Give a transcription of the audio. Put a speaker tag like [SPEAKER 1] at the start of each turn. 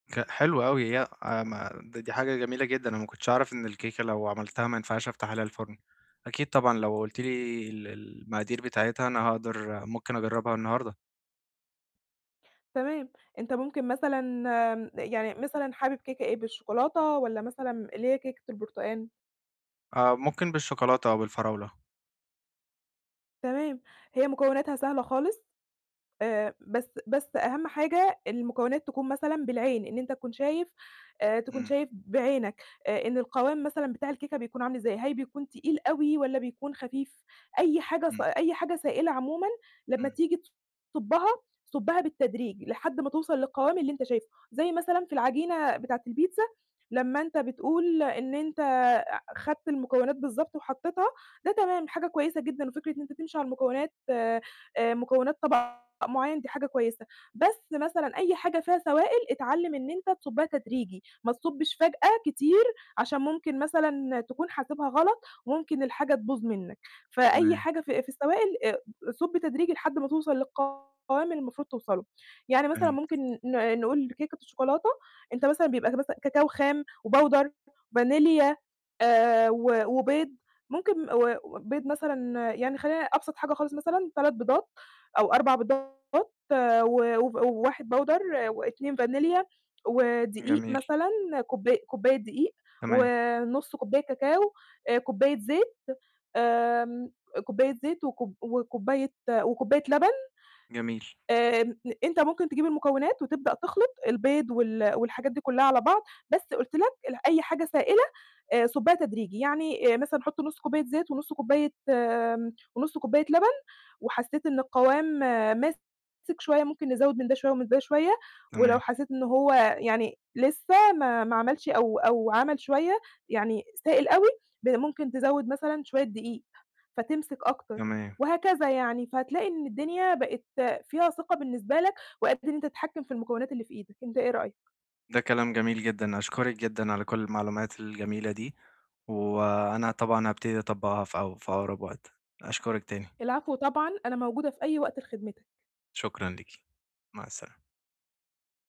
[SPEAKER 1] ك حلو أوي، هي ي أ ما دي دي حاجة جميلة جدًا، أنا ما كنتش أعرف إن الكيكة لو عملتها ما ينفعش أفتح عليها الفُرن، أكيد طبعًا لو قُلتِ لي ال ال المقادير بتاعتها أنا هاقدر ممكن أجرّبها النهارده.
[SPEAKER 2] تمام، أنت ممكن مثلًا آمم، يعني مثلًا حابب كيكة إيه بالشوكولاتة؟ والَّا مثلًا اللي هي كيكة البرتقان؟
[SPEAKER 1] آه، ممكن بالشوكولاتة أو بالفراولة.
[SPEAKER 2] تمام، هي مكوناتها سهلة خالص، آآ، بس بس أهم حاجة المكونات تكون مثلًا بالعين، إن أنت تكون شايف آآ، تكون
[SPEAKER 1] امم.
[SPEAKER 2] شايف بعينك آآ، إن القوام مثلًا بتاع الكيكة بيكون عامل إزاي، هل بيكون تقيل أوي والَّا بيكون خفيف؟ أي حاجة س
[SPEAKER 1] امم.
[SPEAKER 2] أي حاجة سائلة عمومًا لمّا
[SPEAKER 1] امم.
[SPEAKER 2] تيجي تصُبَّها، صُبَّها بالتدريج لحد ما توصل للقوام اللي أنت شايفُه، زي مثلًا في العجينة بتاعة البيتزا، لمّا أنت بتقول إن أنت أع خدت المكونات بالضبط وحطيتها، ده تمام حاجة كويسة جدًا، وفكرة إن أنت تمشي على المكونات آآ، مكونات طَبَق معيّن دي حاجة كويسة، بس مثلًا أي حاجة فيها سوائل اتعلِّم إن أنت تصُبَّها تدريجي، ما تصُبِّش فجأة كتير عشان ممكن مثلًا تكون حاسبها غلط، وممكن الحاجة تبوظ منك، فأي
[SPEAKER 1] تمام.
[SPEAKER 2] حاجة في في السوائل آآ، صُبّ تدريجي لحد ما توصل للقوام اللي المفروض توصلُه. يعني مثلًا
[SPEAKER 1] فهمت.
[SPEAKER 2] ممكن ن نقول كيكة الشوكولاتة، أنت مثلًا بيبقى مث كاكاو خام وpowder فانيليا آآ، و وبيض، ممكن م و وبيض مثلًا يعني خلينا أبسط حاجة خالص مثلًا 3 بيضات أو 4 بيضات و وف 1 powder و2 فانيليا، ودقيق
[SPEAKER 1] جميل.
[SPEAKER 2] مثلًا، كوباي كوباية دقيق،
[SPEAKER 1] تمام.
[SPEAKER 2] ونُصّ كوباية كاكاو، آآ، كوباية زيت، آمم، كوباية زيت وكوب وكوباية وكوباية لَبَن،
[SPEAKER 1] جميل.
[SPEAKER 2] آمم، أنت ممكن تجيب المكونات وتبدأ تخلط البيض وال والحاجات دي كُلّها على بعض، بس قلت لك ال أي حاجة سائلة آآ، صُبّها تدريجي، يعني آآ مثلًا حط نُصّ كوباية زيت ونُصّ كوباية ونُصّ كوباية لَبَن، وحسيت إن القوام ماسك شوية، ممكن نزوّد من ده شوية ومن ده شوية، ولو
[SPEAKER 1] تمام.
[SPEAKER 2] حسيت إن هو يعني لسه ما ما عَمَلش أو أو عَمَل شوية، يعني سائل أوي، ب ممكن تزوّد مثلًا شوية دقيق فتمسك أكتر،
[SPEAKER 1] تمام.
[SPEAKER 2] وهكذا يعني، فهتلاقي إن الدنيا بقِت فيها ثقة بالنسبة لك وقادر إن أنت تتحكّم في المكونات اللي في إيدك، أنت إيه رأيك؟
[SPEAKER 1] ده كلام جميل جدًا، أشكرِك جدًا على كُلّ المعلومات الجميلة دي، وأنا طبعًا هابتدي أطبّقها في أق في أقرب وقت، أشكرِك تاني.
[SPEAKER 2] العفو طبعًا، أنا موجودة في أي وقت لخدمتك.
[SPEAKER 1] شكرًا ليكِ، مع السلامة.